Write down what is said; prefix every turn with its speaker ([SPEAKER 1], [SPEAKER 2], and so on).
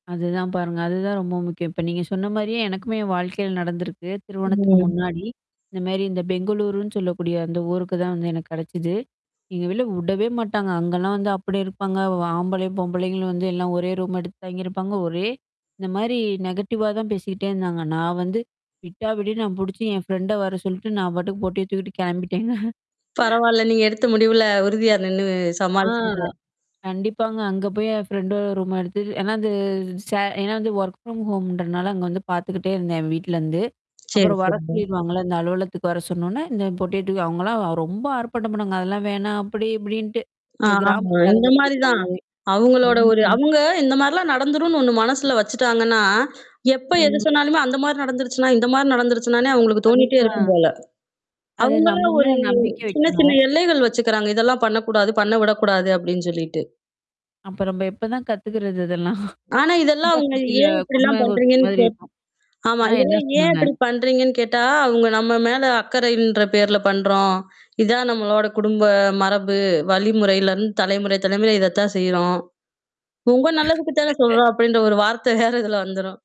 [SPEAKER 1] அதுதான் பாருங்க. அதுதான் ரொம்ப முக்கியம். இப்ப நீங்க சொன்ன மாரியே எனக்குமே என் வாழ்க்கையில நடந்திருக்கு திருமணத்துக்கு
[SPEAKER 2] ம்.
[SPEAKER 1] முன்னாடி. இந்த மாரி இந்த பெங்களூருன்னு சொல்லக்கூடிய அந்த ஊருக்கு தான் வந்து எனக்கு கெடச்சது. எங்க வீட்ல உடவே மாட்டாங்க. அங்கலாம் வந்து அப்டி இருப்பாங்க ஆம்பளை, பொம்பளைகளும் வந்து எல்லாம் ஒரே ரூம் எடுத்து தாங்கியிருப்பாங்க. ஒரே இந்த மாரி நெகட்டிவ்வா தான் பேசிக்கிட்டே இருந்தாங்க. நான் வந்து விட்டா விடு நான் புடிச்சு என் ஃப்ரெண்ட வர சொல்லிட்டு, நான் பாட்டுக்கு பொட்டிய தூக்கிட்டு கெளம்பிட்டேங்க.
[SPEAKER 2] பரவால்ல. நீங்க எடுத்த முடிவுல உறுதியார் நின்னு
[SPEAKER 1] ஆ.
[SPEAKER 2] சமாளிச்சீங்க.
[SPEAKER 1] கண்டிப்பாங்க. அங்க போய் என் ஃப்ரெண்டோட ரூம் எடுத்து ஏன்னா அது ச ஏன்னா வந்து ஒர்க் ஃப்ரம் ஹோம் இன்றனால அங்க வந்து பாத்துக்கிட்டே இருந்தேன் என் வீட்லருந்து.
[SPEAKER 2] சரி,
[SPEAKER 1] அப்புறம் வர
[SPEAKER 2] சரிங்க.
[SPEAKER 1] சொல்லிருவாங்கல்ல. இந்த அலுவலகத்துக்கு வர சொன்னோனே, இந்த பொட்டியேட்டுக்கு அவங்கலாம் ரொம்ப ஆர்ப்பாட்டம் பண்ணுவாங்க. அதெல்லாம் வேணாம் அப்படி இப்படின்ட்டு.
[SPEAKER 2] ஆ.
[SPEAKER 1] இந்த
[SPEAKER 2] ஆமா,
[SPEAKER 1] கிராமத்த
[SPEAKER 2] இந்த
[SPEAKER 1] ஆளுங்க
[SPEAKER 2] மாரிதான்.
[SPEAKER 1] பேசுறமாரி.
[SPEAKER 2] அவங்களோட ஒரு
[SPEAKER 1] ம்.
[SPEAKER 2] அவங்க இந்த மாரிலாம் நடந்துரும்னு ஒண்ணு மனசுல வச்சுட்டாங்கன்னா, எப்ப எது
[SPEAKER 1] ம்.
[SPEAKER 2] சொன்னாலுமே அந்த மாரி நடந்துருச்சுன்னா, இந்த மாரி நடந்துருச்சுனானே அவங்களுக்கு தோணிட்டே
[SPEAKER 1] அதுதான்
[SPEAKER 2] இருக்கும் போல.
[SPEAKER 1] அது நம்ம
[SPEAKER 2] அவங்களும் ஒரு
[SPEAKER 1] மேல நம்பிக்க
[SPEAKER 2] சின்ன
[SPEAKER 1] வைக்கணும்.
[SPEAKER 2] சின்ன எல்லைகள் வச்சுக்கிறாங்க. இதெல்லாம் பண்ணக்கூடாது, பண்ண விடக்கூடாது அப்டின்னு சொல்லிட்டு.
[SPEAKER 1] அப்ப நம்ப எப்பதான் கத்துக்குறது இதெல்லாம்?
[SPEAKER 2] ஆனா, இதெல்லாம்
[SPEAKER 1] குண்டா
[SPEAKER 2] அவங்க
[SPEAKER 1] சட்டில
[SPEAKER 2] ஏன் இப்படிலாம்
[SPEAKER 1] [unintelligible] ஓட்டுற
[SPEAKER 2] பண்றீங்கன்னு
[SPEAKER 1] மாதிரி
[SPEAKER 2] கேட்டு
[SPEAKER 1] இருக்கும்.
[SPEAKER 2] ஆமா.
[SPEAKER 1] ஆ என்ன
[SPEAKER 2] இதல்லாம் ஏன்
[SPEAKER 1] சொன்னாங்க?
[SPEAKER 2] இப்படி பண்றீங்கன்னு கேட்டா, அவுங்க நம்ம மேல அக்கறைன்ற பேர்ல பண்றோம். இதான் நம்மளோட குடும்ப மரபு, வழிமுறையிலருந்து தலைமுறை தலைமுறையா இதத்தான் செய்றோம். உங்க நல்லதுக்கு தான சொல்றோம்! அப்படின்ற ஒரு வார்த்த வேற இதுல வந்துரும்.